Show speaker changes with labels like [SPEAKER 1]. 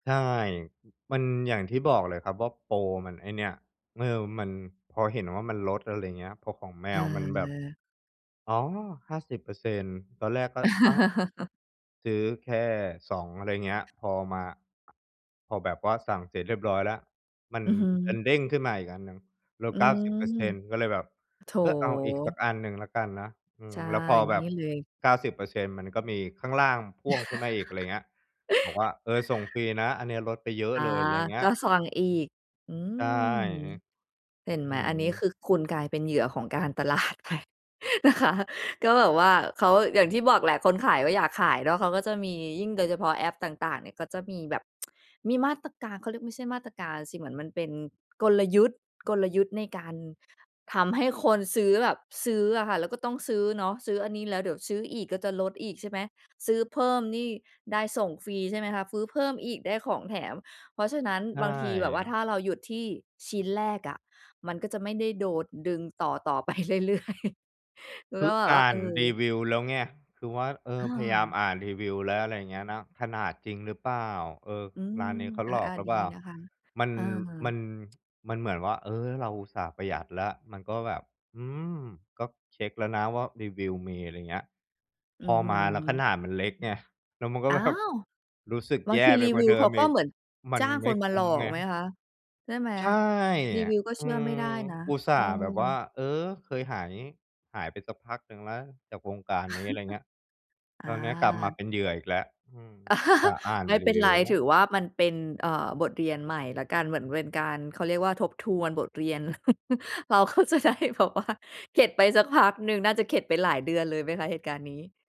[SPEAKER 1] ใช่ มันอย่างที่บอกเลยครับว่า โปรมันไอ้เนี่ย ม เออ มัน พอเห็นว่ามันลด อะไรเงี้ย พอของแม
[SPEAKER 2] เ
[SPEAKER 1] วมันแบบ
[SPEAKER 2] ออ
[SPEAKER 1] อ๋อ 50% ตอนแรกก็ อ้าว ซื้อแค่ 2 อะไรเงี้ย พอมา พอแบบว่าสั่งเสร็จเรียบร้อยแล้ว มัน
[SPEAKER 2] อือฮ
[SPEAKER 1] ด
[SPEAKER 2] ึ
[SPEAKER 1] ันเด้งขึ้นมาอีกอันหนึ่ง ล
[SPEAKER 2] อ
[SPEAKER 1] ด
[SPEAKER 2] ื
[SPEAKER 1] เก้าสิบเปอร์
[SPEAKER 2] ม
[SPEAKER 1] เซ็นต์ ก็เลยแบบ
[SPEAKER 2] โ
[SPEAKER 1] เออ เอาอีกสั
[SPEAKER 2] ถ
[SPEAKER 1] กอันหนึ่งแล้วกันนะ อื
[SPEAKER 2] ใช
[SPEAKER 1] ม
[SPEAKER 2] ่
[SPEAKER 1] แล้วพอแบ
[SPEAKER 2] นี่
[SPEAKER 1] บ
[SPEAKER 2] เลย
[SPEAKER 1] 90% มันก็มีข้างล่างพ่วงขึ้นมาอีก อะไรเงี้ย บอกว่า "เออ ส่งฟรีนะ อันเนี้ยลดไปเยอะ
[SPEAKER 2] อา
[SPEAKER 1] เลย" อะไรเงี้
[SPEAKER 2] ก
[SPEAKER 1] ย
[SPEAKER 2] ็สั่งอีก อื
[SPEAKER 1] ใช่
[SPEAKER 2] ม เห็นไ
[SPEAKER 1] อือฮ
[SPEAKER 2] หม อันนี้ค
[SPEAKER 1] ึ
[SPEAKER 2] ือคุณกลายเป็นเหยื่อของการ ตลาดไปนะคะ ก็แบบว่าเขา อย่างที่บอกแหละ คนขายก็อยากขายเนาะ เขาก็จะมี ยิ่งโดยเฉพาะแอปต่าง ๆ เนี่ยก็จะมีแบบ มีมาตรการ เขาเรียก ไม่ใช่มาตรการสิ เหมือนมันเป็น กลยุทธ์ กลยุทธ์ ในการทำให้คนซื้อแบบซื้ออะค่ะ แล้วก็ต้องซื้อเนาะ ซื้ออันนี้แล้ว เดี๋ยวซื้ออีกก็จะลดอีกใช่ไหม ซื้อเพิ่มนี่ได้ส่งฟรี ใช่ไหมคะ ซื้อเพิ่มอีกได้ของแถม เพราะฉะนั้น
[SPEAKER 1] ใช
[SPEAKER 2] บางทีแบบว่า
[SPEAKER 1] ่
[SPEAKER 2] ถ้าเราหยุดที่ชิ้นแรกอะมันก็จะไม่ได้โดดดึงต่อ ๆ ไปเรื่อย ๆ คื
[SPEAKER 1] ค
[SPEAKER 2] อ
[SPEAKER 1] ื
[SPEAKER 2] ก
[SPEAKER 1] อ
[SPEAKER 2] ็แบ
[SPEAKER 1] อ
[SPEAKER 2] บว่
[SPEAKER 1] ่
[SPEAKER 2] า
[SPEAKER 1] า
[SPEAKER 2] เอ
[SPEAKER 1] น
[SPEAKER 2] อ
[SPEAKER 1] รีวิวแล้วไง คือว่า เออ
[SPEAKER 2] อ
[SPEAKER 1] พยายาม
[SPEAKER 2] า
[SPEAKER 1] อ่านรีวิวแล้ว อะไรเงี้ยนะ ขนาดจริงหรือเปล่า? เออ
[SPEAKER 2] อื
[SPEAKER 1] ร
[SPEAKER 2] ม
[SPEAKER 1] ้านนี้เขาหลอ
[SPEAKER 2] อ
[SPEAKER 1] ก
[SPEAKER 2] า
[SPEAKER 1] หรื
[SPEAKER 2] ๆ
[SPEAKER 1] อ
[SPEAKER 2] ดี
[SPEAKER 1] เปล่า?
[SPEAKER 2] นะคะ
[SPEAKER 1] มัน
[SPEAKER 2] อ
[SPEAKER 1] มั
[SPEAKER 2] า
[SPEAKER 1] น มันเหมือนว่า เออ เราอุตส่าห์ประหยัดแล้ว มันก็แบบ อืม ก็เช็กแล้วนะว่า รีวิวมี อะไรเงี้ย
[SPEAKER 2] อื
[SPEAKER 1] พ
[SPEAKER 2] อ
[SPEAKER 1] อ
[SPEAKER 2] ฮึ
[SPEAKER 1] มาแล้วขนาดมันเล็กไง แล้วมันก็
[SPEAKER 2] อ้า
[SPEAKER 1] แบบ
[SPEAKER 2] ว!
[SPEAKER 1] รู้สึก
[SPEAKER 2] บ
[SPEAKER 1] แ
[SPEAKER 2] า
[SPEAKER 1] ย
[SPEAKER 2] งท
[SPEAKER 1] ่
[SPEAKER 2] ี
[SPEAKER 1] ไป
[SPEAKER 2] รี
[SPEAKER 1] กว
[SPEAKER 2] ว
[SPEAKER 1] ่า
[SPEAKER 2] ิ
[SPEAKER 1] เ
[SPEAKER 2] ว
[SPEAKER 1] ดิ
[SPEAKER 2] เข
[SPEAKER 1] ม
[SPEAKER 2] า
[SPEAKER 1] อ
[SPEAKER 2] ก็
[SPEAKER 1] ีก
[SPEAKER 2] เหมือน
[SPEAKER 1] มั
[SPEAKER 2] จ
[SPEAKER 1] น
[SPEAKER 2] ้าง
[SPEAKER 1] ไม
[SPEAKER 2] ค
[SPEAKER 1] ่
[SPEAKER 2] นม
[SPEAKER 1] ค
[SPEAKER 2] า
[SPEAKER 1] ุ
[SPEAKER 2] หล
[SPEAKER 1] ้ม
[SPEAKER 2] อ
[SPEAKER 1] ไ
[SPEAKER 2] ก
[SPEAKER 1] ง
[SPEAKER 2] ไหมคะ? ใช่ไหม
[SPEAKER 1] ใช่
[SPEAKER 2] รี
[SPEAKER 1] อ
[SPEAKER 2] ว
[SPEAKER 1] ะ
[SPEAKER 2] ิวก็
[SPEAKER 1] อ
[SPEAKER 2] เช
[SPEAKER 1] ื
[SPEAKER 2] ื่อไม่
[SPEAKER 1] ม
[SPEAKER 2] ได้นะ
[SPEAKER 1] อุตส
[SPEAKER 2] เ
[SPEAKER 1] ่า
[SPEAKER 2] ออ
[SPEAKER 1] ห์แบบว่า เออ เคยหาย หายไปสักพักหนึ่งแล้ว จากวงการนี้ อะไรเงี้ย
[SPEAKER 2] อ
[SPEAKER 1] คราวเนี้ยกลับมา
[SPEAKER 2] า
[SPEAKER 1] เป็นเหยื่ออีกแล้ว อืม อุตส่าห์อ่าน
[SPEAKER 2] ไม่
[SPEAKER 1] ร
[SPEAKER 2] เ
[SPEAKER 1] ี
[SPEAKER 2] ป็น
[SPEAKER 1] วิ
[SPEAKER 2] ไร
[SPEAKER 1] วแล้
[SPEAKER 2] ถ
[SPEAKER 1] ว
[SPEAKER 2] ือว่ามันเป็น เอ่อ บทเรียนใหม่แล้วกัน เหมือนเป็นการ เขาเรียกว่า ทบทวนบทเรียน เรา ก็จะได้แบบว่า เข็ดไปสักพักหนึ่ง น่าจะเข็ดไปหลายเดือนเลยไหมคะ? เหตุการณ์นี้